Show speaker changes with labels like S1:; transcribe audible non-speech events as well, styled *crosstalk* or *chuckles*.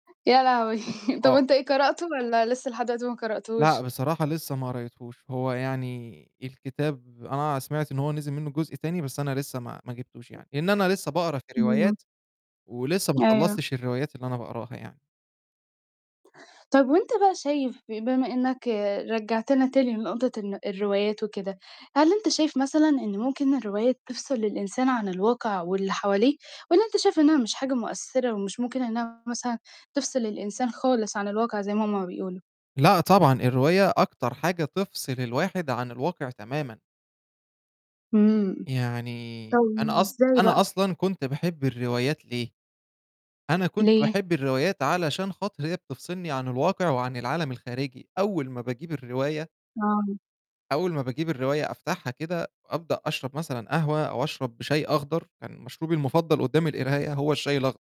S1: يا لهوي! *chuckles* طَب
S2: آه.
S1: أنت إيه قرأتُه؟ والَّا لسه لحد دلوقتي ما
S2: لأ،
S1: قرأتوش؟
S2: بصراحة لسه ما قريتهوش، هو يعني الكتاب أنا سمعت إن هو نزل منه جزء تاني، بس أنا لسه ما ما جِبتوش يعني لإن أنا لسه باقرا في
S1: امم.
S2: الروايات ولسه ما
S1: أيوه.
S2: خلّصتش الروايات اللي أنا باقراها يعني.
S1: طَب وأنت بقى شايف بما إنَّك رجِّعتنا تاني لنقطة الن الروايات وكده، هل أنت شايف مثلًا إن ممكن الروايات تفصِل الإنسان عن الواقع واللي حواليه؟ والَّا أنت شايف إنها مش حاجة مؤثّرة ومش ممكن إنها مثلًا تفصِل الإنسان خالص عن الواقع زي ما هُم بيقولوا؟
S2: لأ طبعًا، الرواية أكتر حاجة تفصِل الواحد عن الواقع تمامًا.
S1: امم،
S2: يعني
S1: طيب
S2: أنا أص
S1: إزاي بقى؟
S2: أنا أصلًا كنت باحب الروايات ليه؟ أنا كنت
S1: ليه؟
S2: باحب الروايات علشان خاطر هي بتفصِلني عن الواقع وعن العالم الخارجي، أول ما باجيب الرواية
S1: آه.
S2: أول ما باجيب الرواية أفتحها كده، وأبدأ أشرب مثلًا قهوة أو أشرب شاي أخضر، كان مشروبي المفضَّل قُدّام القراية، هو الشاي الأخض